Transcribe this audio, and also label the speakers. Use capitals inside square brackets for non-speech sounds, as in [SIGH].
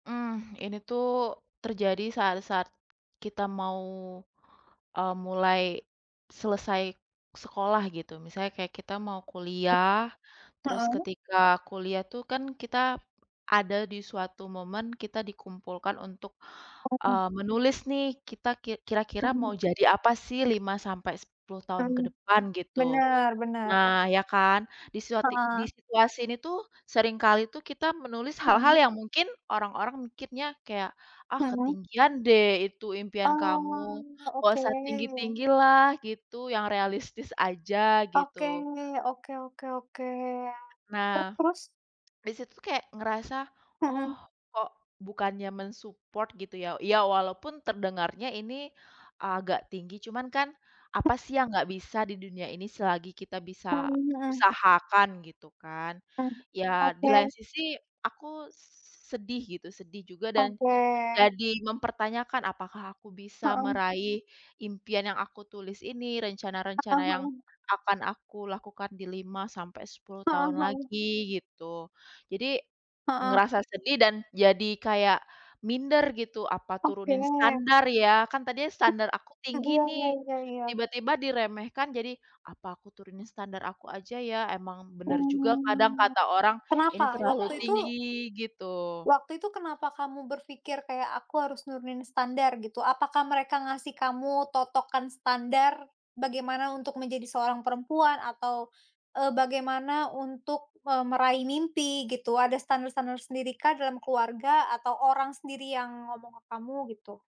Speaker 1: Hmm, ini tuh terjadi saat-saat kita mau, eee, mulai selesai sekolah gitu. Misalnya kayak kita mau kuliah, terus
Speaker 2: Heeh.
Speaker 1: ketika kuliah tuh kan kita ada di suatu momen kita dikumpulkan untuk,
Speaker 2: Apa tuh?
Speaker 1: eee, menulis nih kita ki kira-kira mau
Speaker 2: [UNINTELLIGIBLE]
Speaker 1: jadi apa sih 5 sampai 10 tahun ke
Speaker 2: Mmm,
Speaker 1: depan gitu.
Speaker 2: benar benar.
Speaker 1: Nah, ya kan? Di suati di
Speaker 2: Heeh.
Speaker 1: situasi ini tuh seringkali tuh kita menulis hal-hal
Speaker 2: [UNINTELLIGIBLE]
Speaker 1: yang mungkin orang-orang mikirnya kayak, "Ah
Speaker 2: Heeh.
Speaker 1: ketinggian deh itu impian kamu,
Speaker 2: Oh,
Speaker 1: gak
Speaker 2: oke.
Speaker 1: usah tinggi-tinggi lah," gitu, "yang realistis aja," gitu.
Speaker 2: Oke, oke oke oke. Te
Speaker 1: Nah,
Speaker 2: terus?
Speaker 1: di situ tuh kayak ngerasa, oh
Speaker 2: Mhm.
Speaker 1: kok bukannya men-support gitu ya. Ya walaupun terdengarnya ini agak tinggi, cuman kan apa sih yang nggak bisa di dunia ini selagi kita bisa
Speaker 2: Mmm, heeh.
Speaker 1: usahakan gitu kan.
Speaker 2: Mmm,
Speaker 1: Ya di lain
Speaker 2: oke.
Speaker 1: sisi aku sedih gitu, sedih juga dan
Speaker 2: Oke.
Speaker 1: jadi mempertanyakan apakah aku bisa
Speaker 2: Heeh.
Speaker 1: meraih impian yang aku tulis ini?
Speaker 2: Heeh
Speaker 1: Rencana-rencana yang
Speaker 2: heeh.
Speaker 1: akan aku lakukan di 5 sampai 10
Speaker 2: Heeh
Speaker 1: tahun
Speaker 2: heeh.
Speaker 1: lagi gitu. Jadi
Speaker 2: Heeh.
Speaker 1: ngerasa sedih dan jadi kayak minder gitu. Apa
Speaker 2: Oke.
Speaker 1: turunin standar ya? Kan tadinya
Speaker 2: Mmm.
Speaker 1: standar aku
Speaker 2: Eee,
Speaker 1: tinggi
Speaker 2: iya
Speaker 1: nih,
Speaker 2: iya iya.
Speaker 1: tiba-tiba diremehkan jadi, apa aku turunin standar aku aja ya? Emang bener juga kadang
Speaker 2: Mmm,
Speaker 1: kata orang
Speaker 2: kenapa?
Speaker 1: ini terlalu
Speaker 2: Waktu itu
Speaker 1: tinggi gitu.
Speaker 2: Waktu itu kenapa kamu berpikir kayak aku harus nurunin standar gitu? Apakah mereka ngasih kamu totokan standar, bagaimana untuk menjadi seorang perempuan atau, eee, bagaimana untuk, eee, meraih mimpi gitu? Ada standar-standar tersendirikah dalam keluarga atau orang sendiri yang ngomong ke kamu gitu?